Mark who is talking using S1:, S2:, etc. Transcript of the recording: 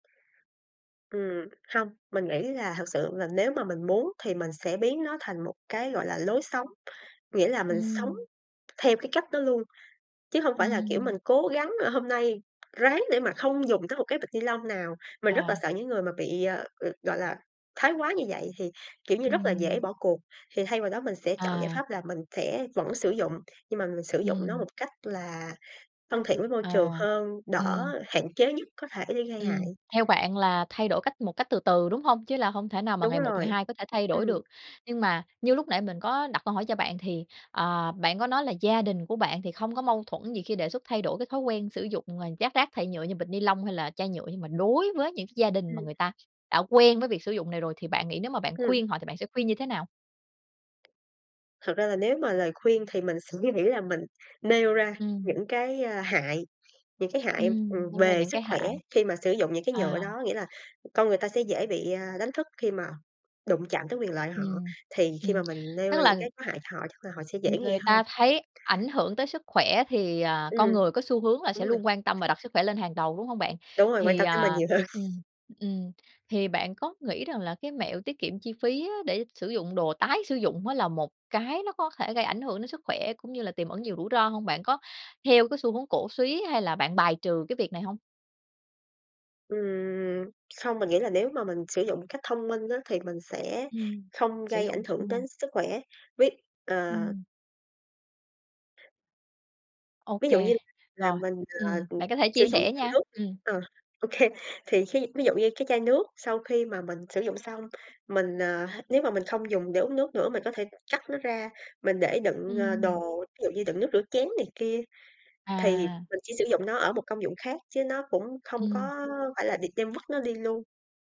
S1: Ừm, hông, mình nghĩ là thực sự là nếu mà mình muốn thì mình sẽ biến nó thành một cái, gọi là, lối sống, nghĩa là mình sống
S2: Ừm.
S1: theo cái cách đó luôn, chứ hông phải là, kiểu, mình
S2: Ừm.
S1: cố gắng là hôm nay ráng để mà không dùng tới một cái bịch ni lông nào. Mình rất là
S2: À.
S1: sợ những người mà bị, ờ, gọi là, thái quá như vậy thì, kiểu như, rất là dễ
S2: Ừm.
S1: bỏ cuộc. Thì thay vào đó mình sẽ chọn giải
S2: À.
S1: pháp là mình sẽ vẫn sử dụng, nhưng mà mình sử dụng nó
S2: Ừm.
S1: một cách là thân thiện với môi trường
S2: À,
S1: hơn, đỡ
S2: ừm.
S1: hạn chế nhất có thể để gây hại.
S2: Ừm, theo bạn là thay đổi cách một cách từ từ, đúng hông? Chứ là không thể nào mà
S1: Đúng
S2: ngày một ngày
S1: rồi.
S2: hai có thể thay đổi
S1: Ừm.
S2: được. Nhưng mà như lúc nãy mình có đặt câu hỏi cho bạn thì, ờ, bạn có nói là gia đình của bạn thì không có mâu thuẫn gì khi đề xuất thay đổi cái thói quen sử dụng, ờ, dác rác thải nhựa như bịch ni lông hay là chai nhựa, nhưng mà đối với những cái gia đình mà
S1: Ừm.
S2: người ta đã quen với việc sử dụng này rồi thì bạn nghĩ nếu mà bạn
S1: Ừm.
S2: khuyên họ thì bạn sẽ khuyên như thế nào?
S1: Thật ra là nếu mà lời khuyên thì mình suy nghĩ là mình nêu ra
S2: Ừm.
S1: những cái, ơ, hại, những cái hại,
S2: Ừm,
S1: ừm,
S2: nêu ra
S1: về
S2: những
S1: sức
S2: cái
S1: khỏe
S2: hại.
S1: khi mà sử dụng những cái nhựa
S2: À.
S1: đó. Nghĩa là con người ta sẽ dễ bị, à, đánh thức khi mà đụng chạm tới quyền lợi họ,
S2: Ừm,
S1: thì khi
S2: ừm,
S1: mà mình nêu
S2: tức
S1: ra những
S2: là
S1: cái có hại cho họ chắc là họ sẽ dễ
S2: ng
S1: nghe
S2: người
S1: hơn.
S2: ta thấy ảnh hưởng tới sức khỏe thì, à, con
S1: Ừm,
S2: người có xu hướng là
S1: đúng
S2: sẽ
S1: rồi.
S2: luôn quan tâm và đặt sức khỏe lên hàng đầu, đúng hông bạn?
S1: Đúng rồi, quan
S2: Thì,
S1: tâm tới mình
S2: à
S1: nhiều hơn.
S2: ừm, ừm, thì bạn có nghĩ rằng là cái mẹo tiết kiệm chi phí á để sử dụng đồ tái sử dụng á là một cái nó có thể gây ảnh hưởng đến sức khỏe, cũng như là tiềm ẩn nhiều rủi ro hông? Bạn có theo cái xu hướng cổ súy hay là bạn bài trừ cái việc này hông?
S1: Ừm, không, mình nghĩ là nếu mà mình sử dụng một cách thông minh á thì mình sẽ
S2: Ừm,
S1: không
S2: sử
S1: gây
S2: dụng
S1: ảnh hưởng
S2: thông minh.
S1: đến sức khỏe, với, ờ
S2: Ừm. Ô
S1: Ví dụ
S2: kê,
S1: như mà
S2: rồi.
S1: mình, à,
S2: Ừm,
S1: ờ,
S2: bạn có thể
S1: sử
S2: chia
S1: dụng
S2: sẻ
S1: chai
S2: nha.
S1: nước đi
S2: Ừm.
S1: ờ, ô kê, thì khi ví dụ như cái chai nước sau khi mà mình sử dụng xong mình, à h nếu mà mình không dùng để uống nước nữa mình có thể cắt nó ra, mình để đựng, ờ,
S2: Ừm.
S1: đồ, ví dụ như đựng nước rửa chén này kia, thì
S2: À.
S1: mình chỉ sử dụng nó ở một công dụng khác, chứ nó cũng không
S2: Ừm.
S1: có phải là định đem vứt nó đi luôn.